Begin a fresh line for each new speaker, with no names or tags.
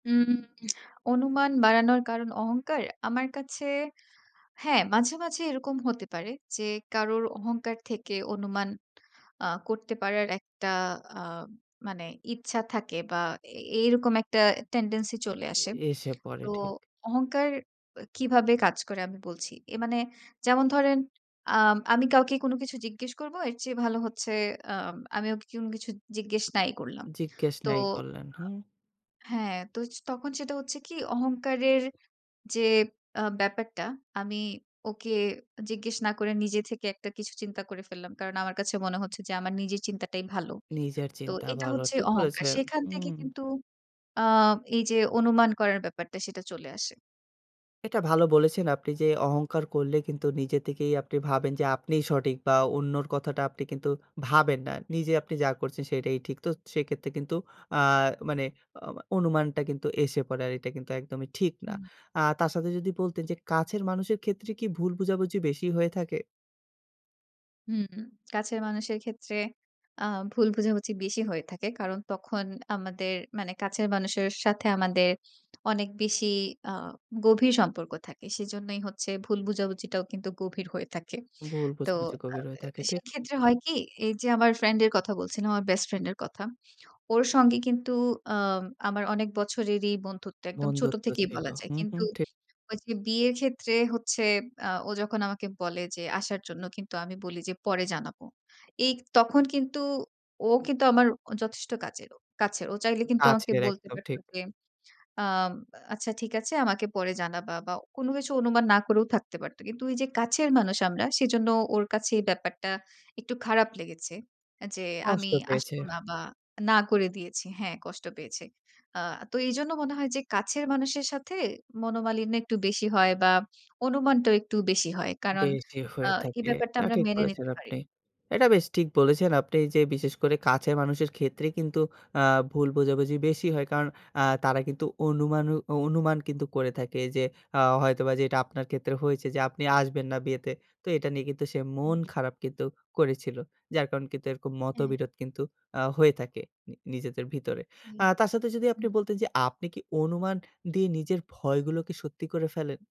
উম অনুমান বাড়ানোর কারণ অহংকার। আমার কাছে, হ্যাঁ, মাঝে, মাঝে এরকম হতে পারে। যে, কারোর অহংকার থেকে অনুমান অ্যা করতে পারার একটা আ মানে, ইচ্ছা থাকে বা এ এই এরকম একটা টেনডেন্সি চলে আসে।
এসে পড়ে,
তো
ঠিক।
অহংকার কিভাবে কাজ করে? আমি বলছি। এ মানে যেমন ধরেন, অ্যা আমি কাউকে কোন কিছু জিজ্ঞেস করব। এর চেয়ে ভালো হচ্ছে অ্যাম আমি ওকে কোনো কিছু জিজ্ঞেস নাই করলাম।
জিজ্ঞেস
তো
নাই করলেন, হুম।
আ হ্যাঁ, তো তখন সেটা হচ্ছে কি? অহংকারের যে, আ ব্যাপারটা, আমি ওকে জিজ্ঞেস না করে নিজে থেকে একটা কিছু চিন্তা করে ফেললাম। কারণ আমার কাছে মনে হচ্ছে যে, আমার নিজের চিন্তাটাই ভালো।
নিজের
তো
চিন্তা
এটা
ভালো।
হচ্ছে
ঠিক
অহংকার।
বলেছেন।
সেখান থেকে
হুম।
কিন্তু, অ্যা এই যে, অনুমান করার ব্যাপারটা, সেটা চলে আসে।
এটা ভালো বলেছেন আপনি। যে, অহংকার করলে কিন্তু নিজে থেকেই আপনি ভাবেন যে, আপনিই সঠিক বা অন্যর কথাটা আপনি কিন্তু ভাবেন না। নিজে আপনি যা করছেন সেটাই ঠিক। তো সেক্ষেত্রে কিন্তু অ্যা মানে অ অনুমানটা কিন্তু এসে পড়ে। আর এটা কিন্তু একদমই ঠিক না।
হুম।
আ তার সাথে যদি বলতেন যে, কাছের মানুষের ক্ষেত্রে কি ভুল বোঝাবুঝি বেশি হয়ে থাকে?
হুম, কাছের মানুষের ক্ষেত্রে আ ভুল বোঝাবুঝি বেশি হয়ে থাকে। কারণ তখন আমাদের মানে, কাছের মানুষের সাথে আমাদের অনেক বেশি আ গভীর সম্পর্ক থাকে। সেজন্যই হচ্ছে ভুল বোঝাবুঝিটাও কিন্তু গভীর হয়ে থাকে।
ভুল
তো
বুঝে, বুঝে
আ
গভীর হয়ে থাকে,
এ
ঠিক।
সেক্ষেত্রে হয় কি? এই যে, আমার ফ্রেন্ডের কথা বলছিলাম, আমার বেস্ট ফ্রেন্ডের কথা। ওর সঙ্গে কিন্তু অ্যাম আমার অনেক বছরেরই বন্ধুত্ব। একদম ছোট
বন্ধুত্ব
থেকেই
ছিল।
বলা যায়।
হু,
কিন্তু
হুম। ঠিক।
ওই যে, বিয়ের ক্ষেত্রে হচ্ছে অ্যা ও যখন আমাকে বলে যে, আসার জন্য। কিন্তু, আমি বলি যে, "পরে জানাবো।" এই তখন কিন্তু ও কিন্তু আমার যথেষ্ট কাজেরও কাছের। ও চাইলে কিন্তু আমাকে
কাছের
বলতে
একদম।
পারত
ঠিক।
যে, অ্যাম আ "আচ্ছা ঠিক আছে, আমাকে পরে জানাবা" বা কোনো কিছু অনুমান না করেও থাকতে পারত। কিন্তু এই যে, কাছের মানুষ আমরা, সেজন্য ওর কাছে এই ব্যাপারটা একটু খারাপ লেগেছে। আ যে,
কষ্ট
আমি আসব
পেয়েছে।
না বা না করে দিয়েছি হ্যাঁ, কষ্ট পেয়েছে। আ তো এইজন্য মনে হয় যে, কাছের মানুষের সাথে, মনোমালিন্য একটু বেশি হয় বা অনুমানটা একটু বেশি হয়। কারণ
বেশি
আ
হয়ে
এই
থাকে।
ব্যাপারটা
এটা
আমরা
ঠিক
মেনে
বলেছেন
নিতে পারি
আপনি।
না
এটা বেশ ঠিক বলেছেন আপনি যে, বিশেষ করে কাছের মানুষের ক্ষেত্রে কিন্তু অ্যা ভুল বোঝাবুঝি বেশি হয়। কারণ অ্যা তারা কিন্তু অনুমানু অ অনুমান কিন্তু করে থাকে যে, অ্যা হয়তোবা যে, এটা আপনার ক্ষেত্রে হয়েছে। যে, আপনি আসবেন না বিয়েতে। তো এটা নিয়ে কিন্তু সে
হুম।
মন খারাপ কিন্তু করেছিল। যার কারণে কিন্তু এরকম
হ্যাঁ।
মতবিরোধ কিন্তু আ হয়ে থাকে, নি নিজেদের ভিতরে।
হুম,
আ তার সাথে যদি
হুম।
আপনি বলতেন যে, আপনি কি অনুমান দিয়ে নিজের ভয়গুলোকে সত্যি করে ফেলেন?